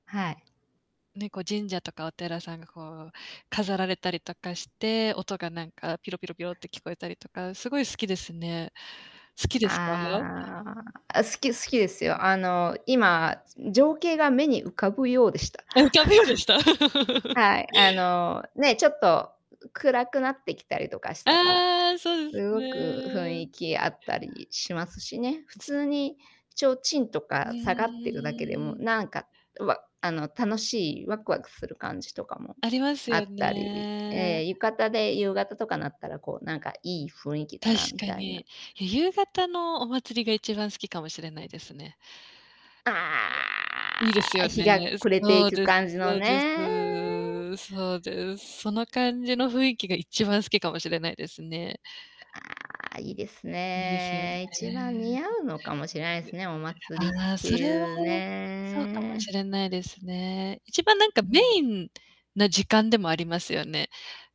はい。ね、こう神社とかお寺さんがこう飾られたりとかして、音がなんかピロピロピロって聞こえたりとか、すごい好きですね。好きですか？ああ、あ、好き好きですよ。あの今、情景が目に浮かぶようでした。あ、浮かぶようでした。はい。あのね、ちょっと暗くなってきたりとかしたら、ああ、そうですすごく雰ね。囲気あったりしますしね。普ず通に提灯とうか下がってるだけでも、ーん。なんかわあの楽しいワクワクする感じとかもありますあよったり、ね。ええ、浴衣で夕方とかなったらこうなんかいい雰囲気だ確なみかたいな。に、夕方のお祭りが1番好きかもしれないですね。あれ、いいですああ、よ日ね。が暮れていそうくです感じのそうですねえ。そうです。その感じの雰囲気がいっちばん好きかもしれないですね。ああ、いいですいいですよね。ね。1番似合うのかもしれないですでね、お祭りああ、ってそれは、いうそうかもねしえ。れないですね。1番なんか、うんうメん。インな時間でもありますよね。